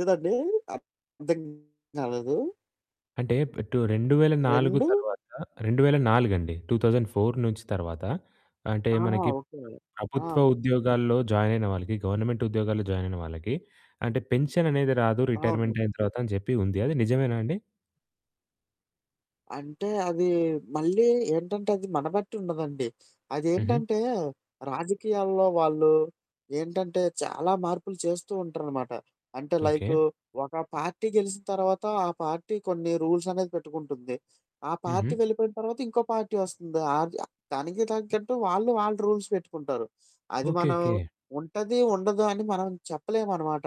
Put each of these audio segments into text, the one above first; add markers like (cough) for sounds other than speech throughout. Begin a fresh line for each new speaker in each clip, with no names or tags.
ఎదండీ? అ అర్ధం కాలేదు.
అంటే ప్రటు 2004
రెండు
తర్వాత రెండు వేల నాలుగండి. 2004 నుంచి తర్వాత. అంటే
ఆహా!
మనకి
ఓకే. ఆ!
ప్రభుత్వ ఉద్యోగాల్లో జాయిన్ అయిన వాళ్ళకి గవర్నమెంట్ ఉద్యోగాల్లో జాయిన్ అయిన వాళ్ళకి అంటే పెన్షన్ అనేది రాదు రిటైర్మెంట్
అవును.
అయిన తర్వాత అని చెప్పి ఉంది. అది నిజమేనా అండి?
అంటే అది మళ్ళీ ఏంటంటే అది మనబెట్టి ఉండదండి.
హుహు.
అదేంటంటే రాజకీయాల్లో వాళ్ళు ఏంటంటే చాలా మార్పులు చేస్తూ ఉంటరనమాట. అంటే లైకు
ఓకే.
ఒక పార్టీ గెలిసిన తర్వాత ఆ పార్టీ కొన్ని రూల్స్ అనేది పెట్టుకుంటుంది. ఆ పార్టీ
హుహు.
వెళ్ళిపోయిన తర్వాత ఇంకో పార్టీ వస్తుంది. ఆర్ దనికి దానికి తగట్టు వాళ్ళు వాళ్ళు రూల్స్ పెట్టుకుంటారు. అది
ఓకే.
మనం
ఓకే.
ఉంటది ఉండదు అని మనం చెప్పలేమనమాట.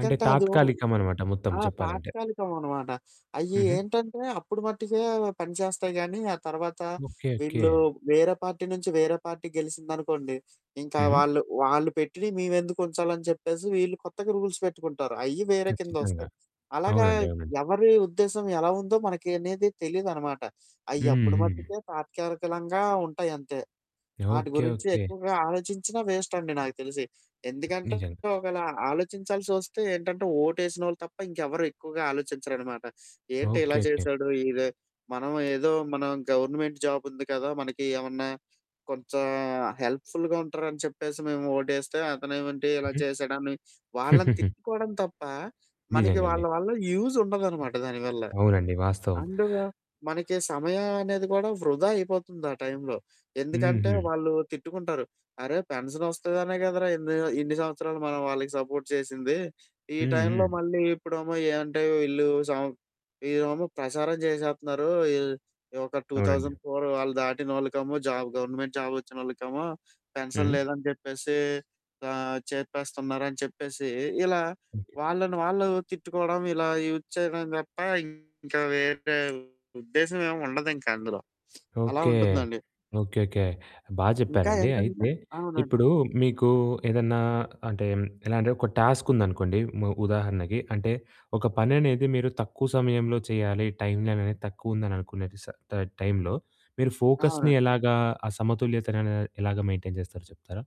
అంటే
అదు ఉ
తాత్కాలికం అనమాట మొత్తం
ఆ!
చెప్పాలంటే.
తాత్కాలికం అనమాట. అయ్యి
హుహు.
ఏంటంటే అప్పుడు మట్టికే పనిచేస్తాయి గానీ ఆ తర్వాత
ఓకే. ఓకే.
వీళ్ళు వేరే పార్టీ నుంచి వేరే పార్టీకి గెలిసిందనుకోండి ఇంకా
హుహు.
వాళ్ళు, వాళ్ళు పెట్టిని మేమెందుకు ఉంచాలని చెప్పేసి వీళ్ళు కొత్తగా రూల్స్ పెట్టుకుంటారు. అయ్యి వేరే
ఖచ్చితంగా.
కిందొస్తాయి. అలాగా
అవునండి. అవునండి.
ఎవరి ఉద్దేశ్యం ఎలా ఉందో మనకి అనేది తెలీదనమాట. అయ్యప్పుడు
హుహు.
మట్టికే తాత్కాలికలంగా ఉంటాయి అంతే. ఆటి
ఓకే.
గురించి
ఓకే.
ఎక్కువగా ఆలోచించిన వేస్ట్ అండి నాకు తెలిసి. ఎందుకంటే
నిజంగా.
ఒకేలా ఆలోచించాల్సి వస్తే ఏంటంటే ఓటు ఏసినోళ్ళు తప్ప ఇంకెవరు ఎక్కువగా ఆలోచించరనమాట. ఏంటి ఇలా
ఓకే. ఓకే.
చేశాడు ఇద మనం ఏదో మనం గవర్నమెంట్ జాబ్ ఉంది కదా! మనకి ఏమన్నా కొంచెం హెల్ప్‌ ఫుల్‌గా ఉంటారని చెప్పేసి మేము ఓటేస్తే అతనే ఏమంటి ఇలా
హుహు.
చేసేడాన్ని వాళ్ళని
(chuckles)
తిట్టుకోవడం తప్ప మనకి
నిజంగండి.
వాళ్ళ వల్ల యూజ్ ఉండదనమాట దాని వల్ల.
అవునండి. వాస్తవం.
అండు మనకి సమయం అనేది కూడా వృధా అయిపోతుంది ఆ టైంలో. ఎందుకంటే
హుహు.
వాళ్ళు తిట్టుకుంటారు. అరే! పెన్షన్ వస్తదనే కదరా! ఎన్ని ఇన్ని సంవత్సరాలు మనం వాళ్ళకి సపోర్ట్ చేసింది. ఈ
హ్మ్.
టైంలో
హ్మ్.
మళ్ళీ ఇప్పుడమో ఏమంటే వీళ్ళు సం వీళ్లేమో ప్రసారం చేసేస్తున్నారు. ఈ ఒక టూ
అవునండి.
థౌసండ్ ఫోర్ వాళ్ళు దాటిన వాళ్ళకమో జాబ్ గవర్నమెంట్ జాబ్ వచ్చినోళ్ళకమో పెన్షన్
హుహు.
లేదని చెప్పేసి, ఆహ్, చేపేస్తున్నారని చెప్పేసి ఇలా
ఓకే.
వాళ్ళని వాళ్ళు తిట్టుకోవడం ఇలా యూజ్ చేయడంని చెప్పా ఇంకా వేరే ఉద్దేశ్యం ఏమి ఉండదు ఇంకా అందులో. అలా
ఓకే.
ఉంటుందండి.
ఓకే. ఓకే. బా
ఇంకా
చెప్పారండి.
ఏంటంటే
అయితే
అవునండి.
ఇప్పుడు మీకు ఏదన్నా అంటే ఎలా అంటే ఒక టాస్క్ ఉందనుకోండి మ ఉదాహరణకి. అంటే ఒక పని అనేది మీరు తక్కువ సమయంలో చేయాలి టైమనేది తక్కువ ఉందిని అనుకునే స టైంలో మీరు ఫోకస్‌ని
అవునండి.
ఎలాగా ఆ సమతుల్యతన అనే ఎలాగా మెయింటైన్ చేస్తారో చెప్తారా?